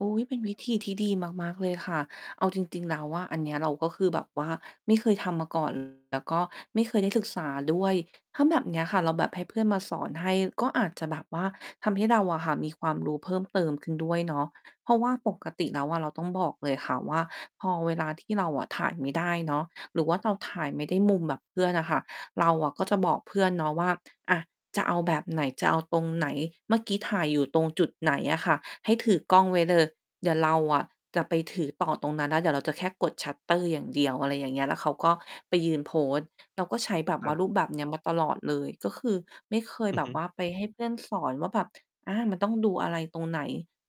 อุ๊ย เป็นวิธีที่ดีมาก ๆ เลยค่ะ เอาจริง ๆ แล้วอะ อันเนี้ยเราก็คือแบบว่าไม่เคยทำมา ก่อน แล้วก็ไม่เคยได้ศึกษาด้วย ถ้าแบบเนี้ยค่ะ เราแบบให้เพื่อนมาสอนให้ก็อาจจะแบบว่า ทำให้เราอะค่ะ มีความรู้เพิ่มเติมขึ้นด้วยเนาะ เพราะว่าปกติแล้วอะเราต้องบอกเลยค่ะว่า พอเวลาที่เราอะถ่ายไม่ได้เนาะ หรือว่าเราถ่ายไม่ได้มุมแบบเพื่อนอะค่ะ เราก็จะบอกเพื่อนเนาะว่า "อา จะเอาแบบไหน จะเอาตรงไหน เมื่อกี้ถ่ายอยู่ตรงจุดไหน?" อะค่ะ "ให้ถือกล้องไว้เลย เดี๋ยวเราอะจะไปถือต่อตรงนั้นน่ะ เดี๋ยวเราจะแค่กดชัตเตอร์อย่างเดียว" อะไรอย่างเงี้ย แล้วเขาก็ไปยืนโพสต์ เราก็ใช้แบบครว่ัาบ รูปแบบเนี้ยมาตลอดเลย ก็คือไม่เคยอืแอบฮบึ ว่า ไปให้เพื่อนสอนว่าแบบ อ่า มันต้องดูอะไรตรงไหน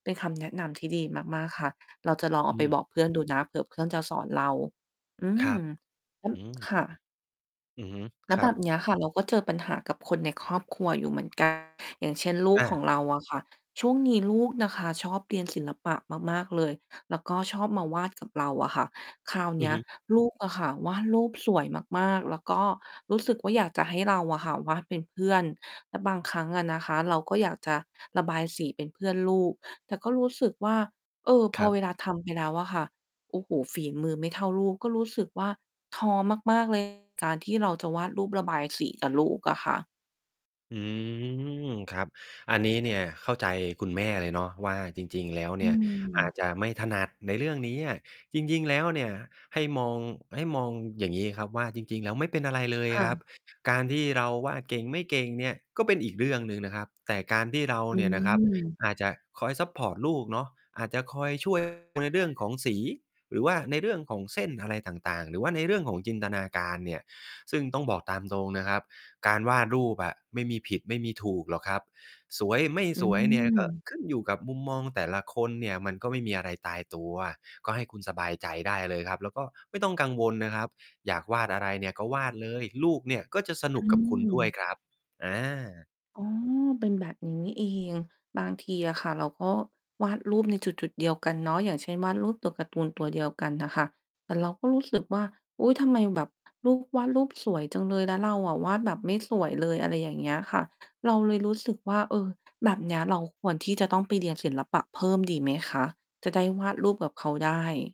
เป็น คำแนะนำที่ดีมาก ๆ ค่ะ เราจะลองเออาไืปม บอกเพื่อน ดูนะ เผื่อเพื่อนจะสอนเรา อืครม ับ อืม [unintelligible] ค่ะ อือฮึ แล้ควรแับบ บนี้ ค่ะ เราก็เจอปัญหากับคนในครอบครัวอยู่เหมือน กัน อย่างเช่น ลูกอขอา งเราอะค่ะ ช่วงนี้ลูกนะคะชอบเรียนศิลปะมาก ๆ เลย แล้วก็ชอบมาวาดกับเราอะค่ะ คราวเอนืีอ้ย ฮึ ลูกอะค่ะ วาดรูปสวยมาก ๆ แล้วก็รู้สึกว่า อยากจะให้เราอะค่ะวาดเป็นเพื่อน แล้วบางครั้งอะนะคะ เราก็อยากจะระบายสีเป็นเพื่อนลูก แต่ก็รู้สึกว่า เออ พคอรับ เวลาทำไปแล้วอะค่ะ โอ้โฮ ฝีมือไม่เท่าลูก ก็รู้สึกว่า ท้อมาก ๆ เลย การที่เราจะวาดรูปบายสีกับลูกอะค่ะ อืม ครับ อันนี้เนี่ยเข้าใจคุณแม่เลยเนาะว่า จริง ๆ แล้วอเืนี่ยอาม จจะไม่ถนัดในเรื่องเนี้ย จริง ๆ แล้วเนี่ย ให้มอง ให้มองอย่างนี้ครับว่า จริง ๆ แล้วไม่เป็นอะไรเลยค่ครับ ะ การที่เราวาดเก่ง ไม่เก่งเนี่ย ก็เป็นอีกเรื่องหนึ่งนะครับ แต่การที่เราอืเนี่ยนะครับ ม อาจจะคอยซัปพอร์ตลูกเนาะ อาจจะคอย ช่วย ในเรื่องของสี หรือว่าในเรื่องของเส้นอะไรต่าง ๆ หรือว่าในเรื่องของจินตนาการเนี่ย ซึ่งต้องบอกตามตรงนะครับ การวาดรูปอะไม่มีผิดไม่มีถูกหรอกครับ สวยไม่อืสวยเนี่ยก็ม ขึ้นอยู่กับมุมมองแต่ละคนเนี่ย มันก็ไม่มีอะไรตายตัว ก็ให้คุณสบายใจได้เลยครับ แล้วก็ไม่ต้องกังวลนะครับ อยากวาดอะไรเนี่ย ก็วาดเลย ลูกเนี่ยก็จะสอนุกกับคุณด้วยืม ครับ อา อ๋อ เป็นแบบนี้นี่เอง บางทีอะค่ะ เราก็วาดรูปในจุด ๆ เดียวกันเนาะ อย่างเช่น วาดรูปตัวการ์ตูนตัวเดียวกันน่ะค่ะ แต่เราก็รู้สึกว่า อุ๊ย ทำไมแบบลูกวาดรูปสวยจังเลย แล้วเราอะวาดแบบไม่สวยเลย อะไรอย่างเงี้ยค่ะ เราเลยรู้สึกว่า เออ แบบเนี้ยเราควรที่จะต้องไปเรียนศิลปะเพิ่มดีไหมคะ จะได้วาดรูปกับเขาได้?